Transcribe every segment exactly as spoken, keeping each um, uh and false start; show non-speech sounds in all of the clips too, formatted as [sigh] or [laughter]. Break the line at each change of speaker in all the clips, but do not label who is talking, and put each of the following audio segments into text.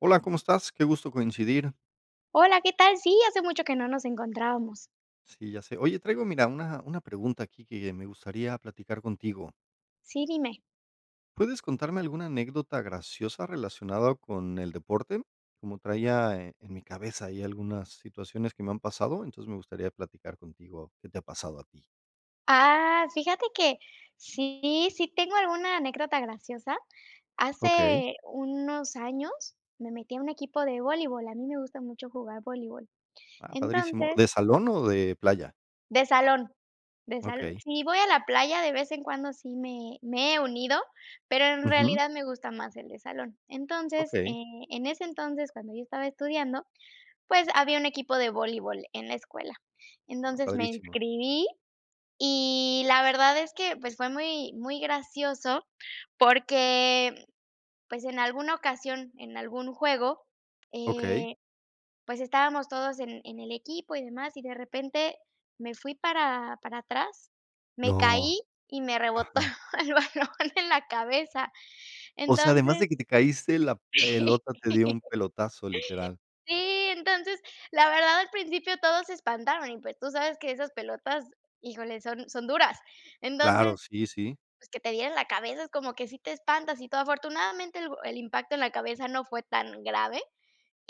Hola, ¿cómo estás? Qué gusto coincidir.
Hola, ¿qué tal? Sí, hace mucho que no nos encontrábamos.
Sí, ya sé. Oye, traigo, mira, una una pregunta, aquí, que me gustaría platicar contigo.
Sí, dime.
¿Puedes contarme alguna anécdota graciosa relacionada con el deporte? Como traía en mi cabeza ahí algunas situaciones que me han pasado, entonces, me gustaría platicar contigo qué te ha pasado a ti.
Ah, fíjate que sí, sí tengo alguna anécdota graciosa.
Okey.
Hace unos años me metí a un equipo de voleibol, a mí me gusta mucho jugar voleibol.
Ah, padrísimo,
Entonces
¿de salón o de playa?
De salón, de sal
Okey.
si voy a la playa, de vez en cuando sí me me he unido, pero en
Ujú.
realidad me gusta más el de salón. Entonces,
Okey.
eh, en ese entonces, cuando yo estaba estudiando, pues, había un equipo de voleibol en la escuela.
Ah,
Entonces, me
padrísimo.
inscribí y la verdad es que, pues, fue muy muy gracioso porque, pues, en alguna ocasión, en algún juego,
Okey.
eh, pues, estábamos todos en en el equipo y demás, y de repente, me fui para para atrás, me
No.
caí y me rebotó
Ajá.
el balón en la cabeza.
O sea, además
Entonces
de que te caíste, la pelota te dio un
[laughs]
pelotazo, literal.
Sí, entonces, la verdad, al principio todos se espantaron, y, pues, tú sabes que esas pelotas, híjole, son son duras. Entonces,
Claro, sí, sí.
pues, que te diera en la cabeza, es como que sí te espantas y todo. Afortunadamente, el bo el impacto en la cabeza no fue tan grave,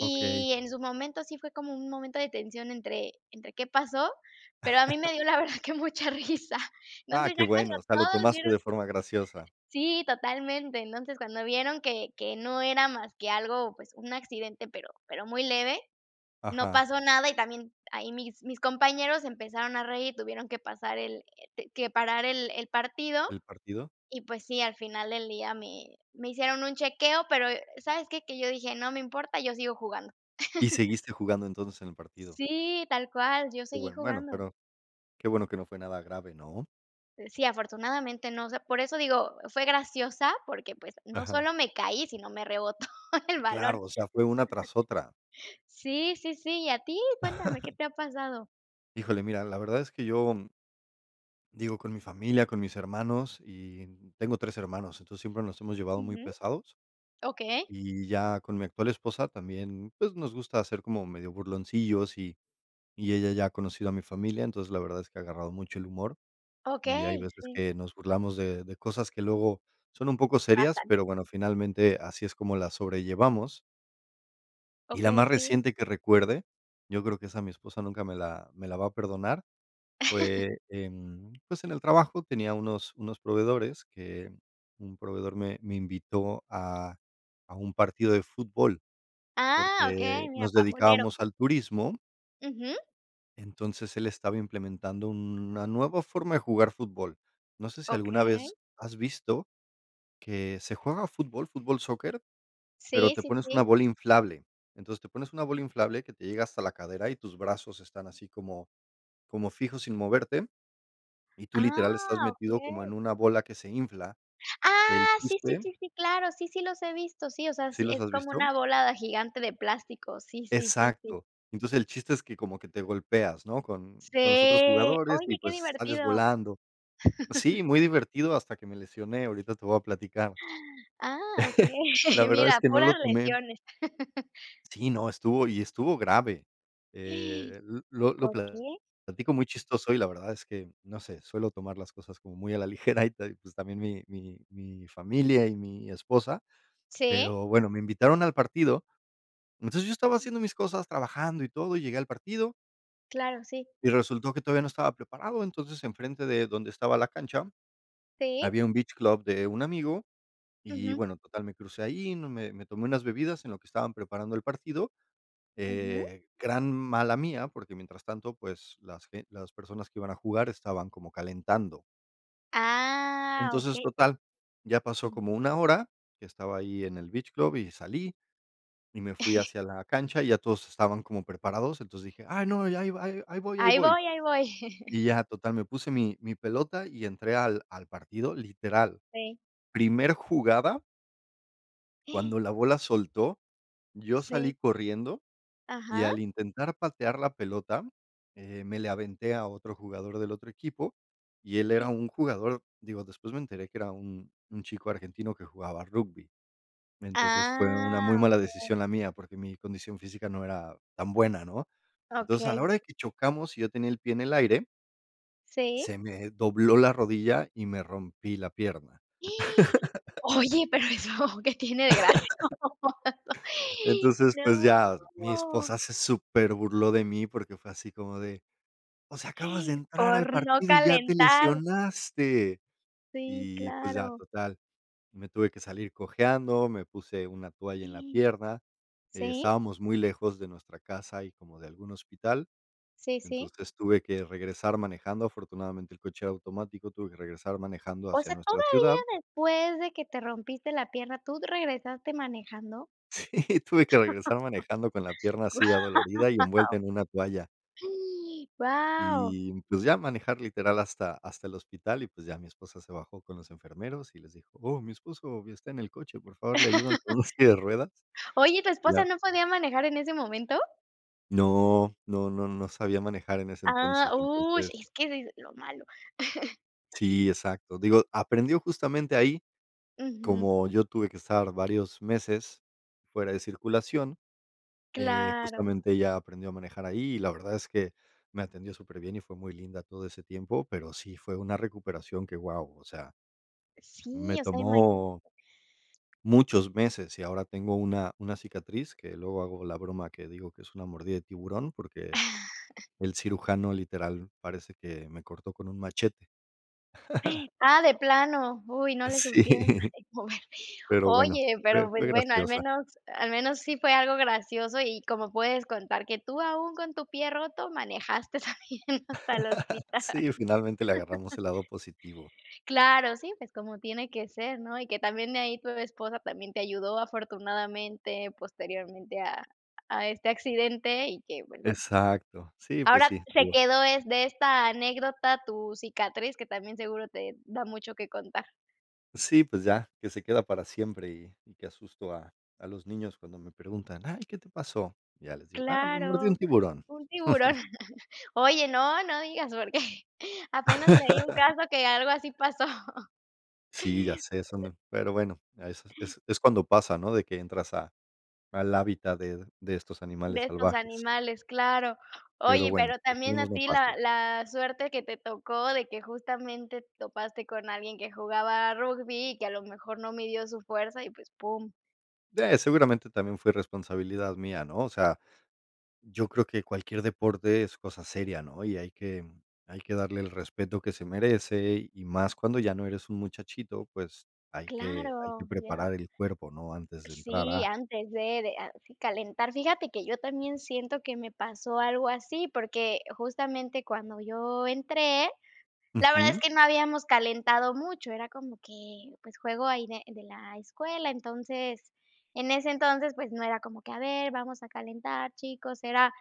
Okey.
en su momento sí fue como un momento de tensión entre entre qué pasó, pero a mí
[laughs]
me dio, la verdad, que mucha risa.
Ah,
Entonces,
qué
ya cuando
bueno. O sea, lo
todos
tomaste
vieron
de forma graciosa.
Sí, totalmente. Entonces, cuando vieron que que no era más que algo, pues, un accidente, pero pero muy leve, no
Ajá.
pasó nada y también ahí mis mis compañeros se empezaron a reír y tuvieron que pasar el, eh, te que parar el el partido,
¿El partido?
y pues sí, al final del día me me hicieron un chequeo, pero, eh, ¿sabes qué? Que yo dije: "No me importa, yo sigo jugando".
Y
[laughs]
seguiste jugando entonces en el partido.
Sí, tal cual, yo
Qué
seguí
bueno, bueno,
jugando.
pero qué bueno que no fue nada grave, ¿no?
Eh, sí, afortunadamente, no, o sea, por eso digo, fue graciosa, porque, pues, no
Ajá.
solo me caí, sino me rebotó el balón.
Claro, o sea, fue una tras otra.
Sí, sí, sí, ¿y a ti? Cuéntame, ¿qué
[laughs]
te ha pasado?
Híjole, mira, la verdad es que yo, mm digo, con mi familia, con mis hermanos, y tengo tres hermanos. Entonces, siempre nos hemos llevado muy
Ujú.
pesados.
Okey.
Y ya, con mi actual esposa también, pues, nos gusta ser como medio burloncillos y y ella ya ha conocido a mi familia. Entonces, la verdad es que ha agarrado mucho el humor, y hay
Okey,
veces
sí.
que nos burlamos de de cosas que luego son un poco serias,
Pasan.
pero bueno, finalmente así es como las sobrellevamos. Y la
Okey,
más
sí.
reciente que recuerde, yo creo que esa mi esposa nunca me la me la va a perdonar, fue
[laughs]
en, pues, en el trabajo tenía unos unos proveedores que, un proveedor me me invitó a a un partido de fútbol,
Ah,
porque
okey, mira,
nos
pambolero.
dedicábamos al turismo.
Ujú.
Entonces, él estaba implementando una nueva forma de jugar fútbol. No sé si alguna
Okey.
vez has visto que se juega fútbol, fútbol soccer, pero
Sí,
te
sí,
pones una
sí.
bola inflable. Entonces, te pones una bola inflable que te llega hasta la cadera y tus brazos están así como como fijos, sin moverte, y tú, literal, estás
Ah,
metido como en
okey.
una bola que se infla. El
Ah, sí, sí,
chiste
sí, sí, claro. Sí, sí los he visto. Sí, o sea,
¿Sí
sí,
los
es
has
como
visto?
una bola gigante de plástico, sí, sí, sí, sí.
Exacto. Entonces, el chiste es que como que te golpeas, ¿no?, con
Sí.
con los otros jugadores y,
Oye, qué
pues, sales
divertido.
volando
[laughs]
Sí, muy divertido, hasta que me lesioné, ahorita te voy a platicar.
[gasps] Ah,
[chuckles] La
okey.
verdad es
Mira,
que no lo
puras
tomé
lesiones. [laughs]
Sí, no, estuvo y estuvo grave, eh,
[gasps]
l lo lo
¿Por
pla
qué?
platico muy chistoso, y la verdad es que, no sé, suelo tomar las cosas como muy a la ligera y todo, y, pues, también mi mi mi familia y mi esposa.
¿Sí?
Pero bueno, me invitaron al partido. Entonces yo estaba haciendo mis cosas, trabajando y todo, y llegué al partido.
Claro, sí.
Y resultó que todavía no estaba preparado, entonces, enfrente de donde estaba la cancha.
Sí.
Había un beach club de un amigo y,
Ujú.
bueno, total me crucé ahí, no, me me tomé unas bebidas en lo que estaban preparando el partido.
Ujú.
Eh, gran mala mía, porque mientras tanto, pues, las b las personas que iban a jugar estaban como calentando.
¡Ah!,
Entonces,
okey.
total, ya pasó como
Ujú.
una hora que estaba ahí en el beach club y salí, y me fui
[chuckles]
hacia la cancha y ya todos estaban como preparados, entonces dije: "Ay no, ya ahí ahí voy, ahí
Ahí
voy".
voy, ahí voy. [chuckles]
Y ya, total, me puse mi mi pelota y entré al al partido, literal.
Sí.
Primer jugada
[gasps]
cuando la bola soltó, yo salí
Sí.
corriendo, y
Ajá.
al intentar patear la pelota, eh, me le aventé a otro jugador del otro equipo, y él era
[gasps]
un jugador, digo, después me enteré que era un un chico argentino que jugaba rugby. Entonces, fue una muy
Ah,
mala
okey.
decisión la mía, porque mi condición física no era tan buena, ¿no? Entonces, a la
Okey.
hora de que chocamos y yo tenía el pie en el aire
Sí.
se me dobló la rodilla y me rompí la pierna.
[gasps]
[laughs]
Oye, pero eso que tiene de gracioso,
[laughs] Entonces, pues, ya mi
no.
esposa se superburló de mí, porque fue así como de: "O sea, acabas de
[gasps]
entrar al
Por no
partido y ya te
calentar.
lesionaste".
Sí,
Y pues, ya
claro.
total, me tuve que salir cojeando, me puse una toalla en la
[gasps]
pierna.
¿Sí?
Estábamos muy lejos de nuestra casa y como de algún hospital.
Sí, sí.
Entonces, tuve que regresar manejando, afortunadamente, el coche era automático, tuve que regresar manejando
O
hacia
sea,
nuestra ciudad.
todavía después de que te rompiste la pierna, ¿tú regresaste manejando?
Sí, tuve que regresar manejando con la pierna así adolorida y
Guau.
envuelta en una toalla.
[gasps] ¡Guau!
Y, pues ya, manejar literal hasta hasta el hospital y, pues, ya mi esposa se bajó con los enfermeros y les dijo: "Oh, mi esposo está en el coche, por favor le ayudan
[laughs]
con una silla de ruedas".
Oye, ¿y tu esposa
Ya.
no podia manejar en ese momento?
No, no, no, no sabía manejar en ese
Ah,
entonces.
ush
Entonces
es que eso es lo malo. [chuckles]
Si, exacto, digo, aprendió justamente ahí.
Ujú.
Como yo tuve que estar varios meses fuera de circulación, eh,
Claro.
justamente, ella aprendió a manejar ahí. Y la verdad es que, me atendió superbien, y fue muy linda todo ese tiempo, pero sí fue una recuperación que, wao, o sea me
Sí, o sea, imagí
tomó, muchos meses. Y ahora tengo una, una cicatriz que luego hago la broma, que digo que es una mordida de tiburón, porque,
[chuckles]
el cirujano literal parece que me cortó con un machete. [chuckles]
Ah, de plano, uy no le supieron
Sí,
[chuckles] mover
pero bueno,
oye,
fue,
pero, pues,
fue
bueno, al
graciosa.
menos al menos sí fue algo gracioso, y como puedes contar que tú aún con tu pie roto manejaste también hasta el
[laughs]
hospital.
Sí, finalmente le agarramos
[laughs]
el lado positivo.
Claro, sí, pues, como tiene que ser, ¿no? Y que también ahí tu esposa también te ayudó afortunadamente, posteriormente a, a este accidente, y que, pues, bueno.
Exacto. Sí, pues,
Ahora,
sí,
se
estuvo
quedó es de esta anécdota tu cicatriz, que también seguro te, da mucho que contar.
Sí, pues ya, que se queda para siempre y y que asusto a a los niños cuando me preguntan: "Ay, ¿qué te pasó?" Ya les digo: "Ah, me mordío un
Claro,
tiburón".
un tiburón
[chuckles]
[chuckles] oye, no, no digas, porque apenas leí un
[chuckles]
caso que algo así pasó. [chuckles]
Sí, ya sé, son d pero bueno, es es cuando pasa, ¿no?, de que entras a al hábitat de de estos
De
animales
estos
salvajes.
animales, claro.
Pero
Oye,
bueno,
pero también
esperemos
a
no
ti la
pase.
la suerte que te tocó de que justamente topaste con alguien que jugaba rugby y que a lo mejor no midió su fuerza y, pues, pum.
Sí, seguramente también fue irresponsabilidad mía, ¿no?, o sea, yo creo que cualquier deporte es cosa seria, ¿no?, y hay que hay que darle el respeto que se merece, y más cuando ya no eres un muchachito, pues, hay que hay que
Claro, ya.
preparar el cuerpo, ¿no?, antes de entrar
Sí,
a.
antes de de a calentar, fíjate que yo también siento que me pasó algo así, porque justamente cuando yo entré, la verdad es
Ujú.
que no habíamos calentado mucho, era como que, pues, juego ahí de de la escuela, entonces, en ese entonces, pues, no era como que, a ver, vamos a calentar, chicos, era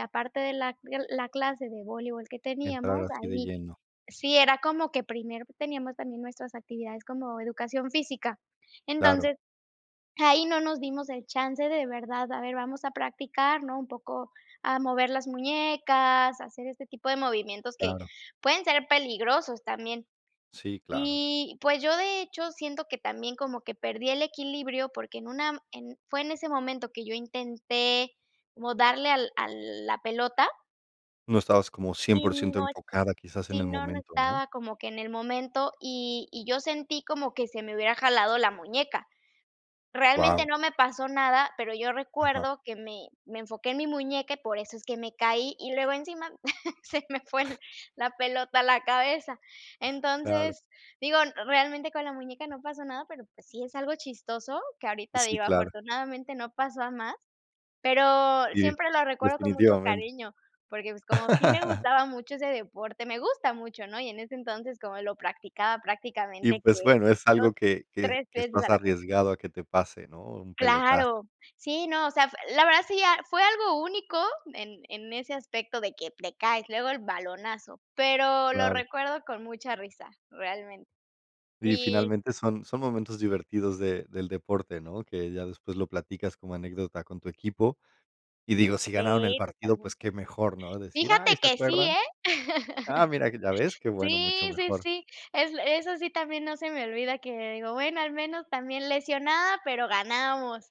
aparte de la la clase de voleibol que
Entrar
teníamos,
así de
ahí
lleno.
sí era como que primero teníamos también nuestras actividades como educación física,
Claro.
entonces, ahí no nos dimos el chance de verdad, a ver, vamos a practicar, ¿no?, un poco a mover las muñecas, a hacer este tipo de movimientos que
Claro.
pueden ser peligrosos también,
Sí, claro.
y, pues, yo, de hecho, siento que también como que perdí el equilibrio, porque en una en fue en ese momento que yo intenté como darle al a la pelota
No estabas como cien
y
por ciento
no
enfocada quizás en
sí,
el
no, no
momento, ¿no?
estaba como que en el momento y y yo sentí como que se me hubiera jalado la muñeca, realmente
Guau.
no me pasó nada, pero yo
Ajá.
recuerdo que me me enfoqué en mi muñeca y por eso es que me caí y luego encima se me fue la pelota a la cabeza,
Claro.
entonces, digo, realmente con la muñeca no pasó nada, pero, pues, sí es algo chistoso, que ahorita,
Sí,
digo,
claro.
afortunadamente no pasó a más, pero
Sí,
siempre lo recuerdo con mucho
definitivamente.
cariño, porque, pues, como sí me
[chuckles]
gustaba mucho ese deporte, me gusta mucho, ¿no?, y en ese entonces, como lo practicaba
Y,
prácticamente
pues,
que
bueno, es
dos,
algo que que
tres
que
veces
estás
a la sema.
arriesgado a que te pase, ¿no?, un pelotazo.
Claro, sí, no, o sea, f la verdad sí ya fue algo único en en ese aspecto de que te caes, luego el balonazo, pero lo
Claro.
recuerdo con mucha risa, realmente,
Sí,
y.
finalmente son son momentos divertidos de del deporte, ¿no?, que ya después lo platicas como anécdota con tu equipo, y digo, si ganaron el
Sí,
partido,
totalme
pues, qué mejor, ¿no?, decir: "Ay,
Fíjate
¿se
que sí,
acuerdan?".
eh,
Ah, mira, ya ves,
[chuckles]
qué bueno, mucho
sí, sí,
mejor.
sí, es l eso sí también no se me olvida que digo, bueno, al menos también lesionada, pero ganamos,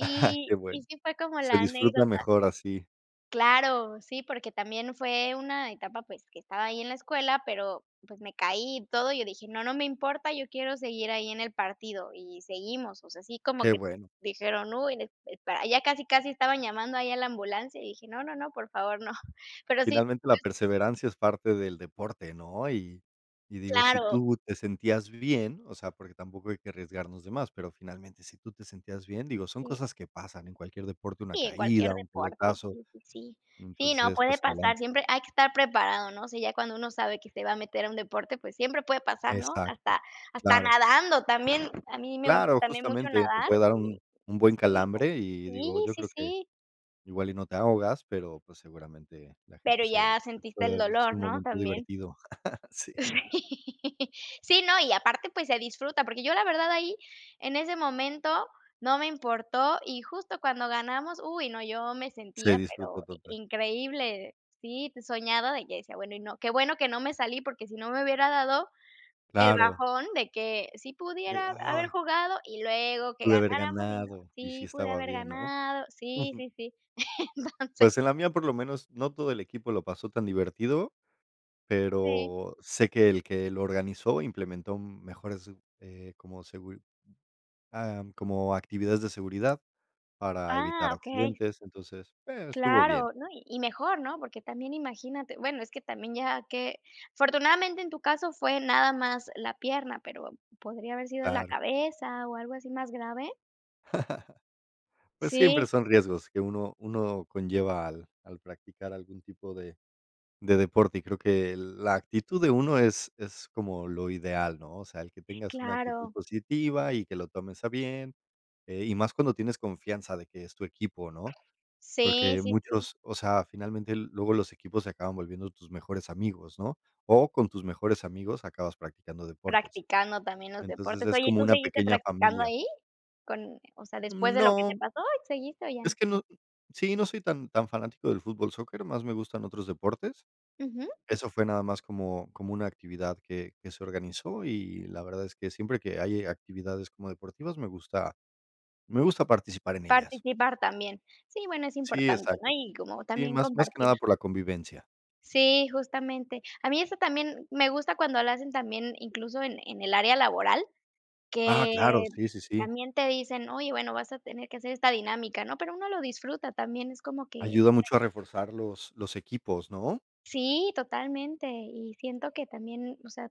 [chuckles] Que
y
bueno,
sí fue como
se
la
disfruta
anécdota.
mejor así.
Claro. Sí, porque también fue una etapa, pues, que estaba ahí en la escuela, pero pues, me caí y todo, y yo dije: "No, no me importa, yo quiero seguir ahí en el partido, y seguimos", o sea, sí como
Qué
que
bueno.
dijeron: "Uy, es espera". Ya casi, casi estaban llamando ahí, a la ambulancia y dije: "No, no, no, por favor, no". Pero sí,
Finalmente, la
pues
perseverancia es parte del deporte, ¿no? Y y digo, si
Claro.
tú te sentías bien, o sea, porque tampoco hay que arriesgarnos de más, pero finalmente, si tú te sentías bien, digo, son
Sí.
cosas que pasan en cualquier deporte, una
Sí, en cualquier
caída, un
deporte.
pelotazo.
Sí, sí, sí. Sí, no,
Entonces,
puede
pues,
pasar,
adelante.
siempre hay que estar preparado, ¿no?, o sea, ya cuando uno sabe que se va a meter a un deporte, pues, siempre puede pasar, ¿no?,
Exacto,
hasta hasta
claro.
nadando también. A mí me gusta
Claro,
también, mucho,
justamente, te
nadar
puede dar
y,
un un buen
sí, digo
calambre y,
Sí,
digo, yo
sí,
creo que,
sí.
igual y no te ahogas, pero pues, seguramente la
Pero
gente se
ya
se
sentiste el
puede, pues, ser
dolor,
un
¿no?
momento
También.
divertido. [laughs] Sí.
Sí. [laughs] Sí, no, y aparte, pues, se disfruta, porque yo la verdad ahí, en ese momento, no me importó y, justo, cuando ganamos, uy no, yo me
Se
sentía, pero
disfrutó
i
total.
increíble. Sí, soñada de que decía: "Bueno, y no qué bueno que no me salí, porque si no me hubiera dado el
Claro.
bajón de que sí
De:
pudiera haber
"Ay".
jugado y luego que
"Pude haber
ganáramos y no"
ganado y sí
Sí, pude
estaba
haber
bien", ¿no?
ganado, sí,
Ujú.
sí, sí. Entonces
Pues, en la mía, por lo menos, no todo el equipo lo pasó tan divertido,
Sí.
pero sé que el que lo organizó implementó mejores, eh, como seguri Am, como actividades de seguridad para
Ah,
evitar
okey.
accidentes. Entonces, bueno, estuvo bien.
Claro. No, y y mejor, ¿no?, porque también imagínate, bueno, es que también ya qué afortunadamente, en tu caso, fue nada más la pierna, pero podría haber sido la
Claro.
cabeza o algo así más grave.
[chuckles] Pues, siempre
Sí.
son riesgos que uno, uno conlleva al al practicar algún tipo de de deporte. Y creo que la actitud de uno es es como lo ideal, ¿no? O sea, el que tengas una actitud
Claro.
positiva y que lo tomes a bien, eh, y más cuando tienes confianza de que es tu equipo, ¿no?
Sí,
Porque
sí, sí.
muchos o sea, finalmente, luego los equipos se acaban volviendo tus mejores amigos, ¿no? O con tus mejores amigos acabas practicando deportes.
Practicando también los
Entonces,
deportes.
es
Oye, ¿y
como
tú
una
seguiste
pequeña
practicando
familia.
ahí? Con o sea, después de lo que te
No.
pasó. Y, ¿seguiste o
Es
ya?
que no sí, no soy tan, tan fanático del fútbol soccer, más me gustan otros deportes.
Ujú.
Eso fue nada más como como una actividad que que se organizó. Y, la verdad es que siempre que hay actividades como deportivas, me gusta me gusta participar en ellas.
Participar también. Sí, bueno, es
Sí,
importante, ¿no?
exacto.
Y como
Sí,
también
más más que
compartir
nada por la convivencia.
Sí, justamente. A mí eso también me gusta cuando lo hacen también, incluso, en en el área laboral,
Ah, claro,
que
sí, sí, sí.
también te dicen: "Oye, bueno, vas a tener que hacer esta dinámica", ¿no? Pero uno lo disfruta también, es como que
Ayuda mucho a reforzar los los equipos, ¿no?
Sí, totalmente. Y siento que también, o sea,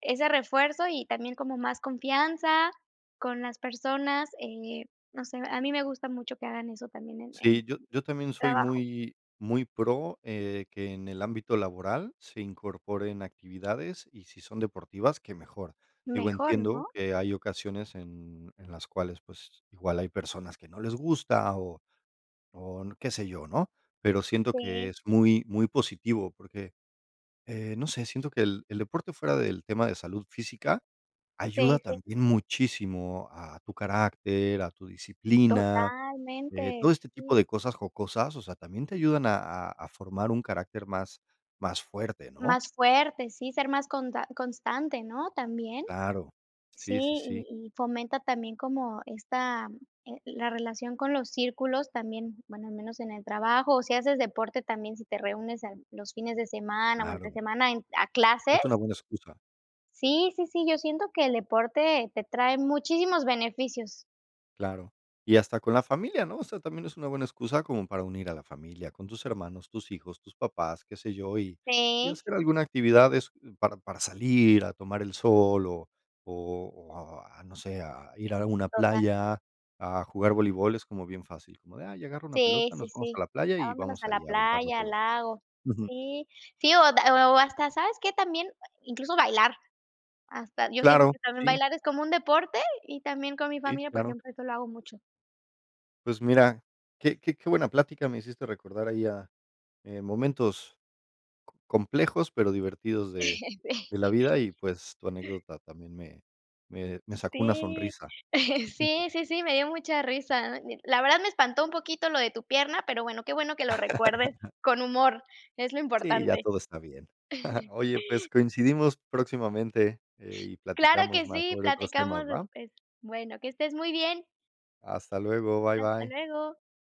ese refuerzo, y también como más confianza con las personas. Eh, no sé, a mí me gusta mucho que hagan eso también en en
Sí, yo yo también soy
trabajo.
muy muy pro, eh, de que en el ámbito laboral se incorporen actividades, y si son deportivas, ¡qué mejor! Digo,
Mejor,
entiendo
¿no?
que hay ocasiones en en las cuales, pues, igual hay personas que no les gusta o o qué sé yo, ¿no? Pero siento que
Sí.
es muy, muy positivo porque, eh, no sé, siento que el el deporte fuera del tema de salud física, ayuda
Sí, sí.
también muchísimo a tu carácter, a tu disciplina. Eh,
Totalmente,
todo este tipo
sí.
de cosas jocosas, o sea, también te ayudan a a a formar un carácter más más fuerte, ¿no?
Más fuerte, sí, ser más conta constante, ¿no? También.
Claro,
Si,
sí, sí, sí.
y y fomenta también como esta, eh, la relación con los círculos también, bueno, al menos en el trabajo, o si haces deporte también si te reúnes en los fines de semana o entre
Claro.
semana en a clases.
Es una buena excusa.
Sí, sí, sí, yo siento que el deporte, te trae muchísimos beneficios.
Claro. Y hasta con la familia, ¿no? O sea, también es una buena excusa como para unir a la familia, con tus hermanos, tus hijos, tus papás, qué sé yo, y y
Sí.
hacer alguna actividad es, para para salir a tomar el sol o o o a, no sé, a ir a alguna
Total.
playa, a jugar voleibol, es como bien fácil, como de: "Ay, agarro una
Sí,
pelota,
sí,
nos vamos a
sí.
la playa
A
y
vámonos a
vamos
la
ahí a aventar la
playa, al
pelota".
lago.
Ujú.
Sí, sí o o hasta, ¿sabes qué también? Eh, incluso, bailar. Hasta, yo siento
Claro,
que también
sí.
bailar es como un deporte y también con mi
Y,
familia, por
claro.
ejemplo, eso lo hago mucho.
Pues mira, qué qué qué buena plática me hiciste recordar ahí a, eh, momentos co complejos, pero divertidos de, de la
[laughs] Sí.
vida y, pues, tu anécdota también me, me, me sacó una
Sí.
sonrisa
[laughs]
Súper.
Sí, sí, sí, me dio mucha risa. Did la verdad me espantó un poquito lo de tu pierna, pero bueno, qué bueno que lo recuerdes,
[laughs]
con humor, es lo
Sí, ya
importante.
todo está bien. [chuckles]
[chuckles]
Oye, pues, coincidimos próximamente, eh, y
Claro
platicamos
que
más
sí,
sobre otros temas,
platicamos
¿va?
después. Bueno, que estés muy bien.
Hasta luego, bye,
Hasta
bye.
luego.